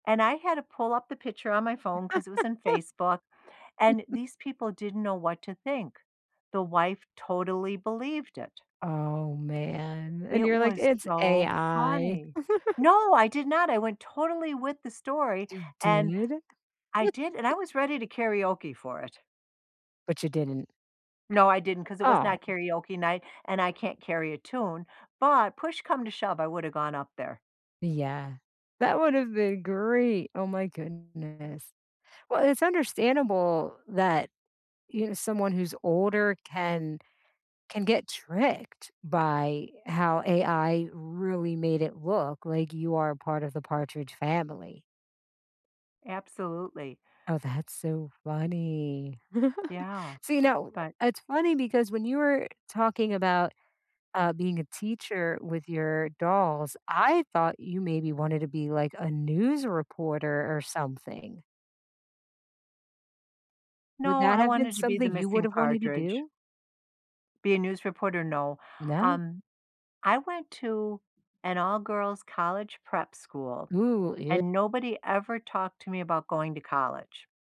And I had to pull up the picture on my phone 'cause it was in Facebook, and these people didn't know what to think. The wife totally believed it. Oh, man, and It you're like, was it's so AI. funny. No, I did not, I went totally with the story You and did? I did, and I was ready to karaoke for it. But you didn't. No, I didn't 'cause it was not Oh. karaoke night, and I can't carry a tune, but push come to shove, I woulda gone up there. Yeah, that would have been great. Oh, my goodness. Well, it's understandable that, you someone who's older can, can get tricked by how AI really made it look like you are part of the Partridge family. Absolutely. Oh, that's so funny. Yeah, So, you know, but it's funny because when you were talking about, uh, being a teacher with your dolls, I thought you maybe wanted to be, like, a news reporter or something. Would No, that I have been wanted to be the something you would missing have wanted to Partridge. do? Be a news reporter, no, No? um, I went to an all-girls college prep school Ooh, yea and nobody ever talked to me about going to college.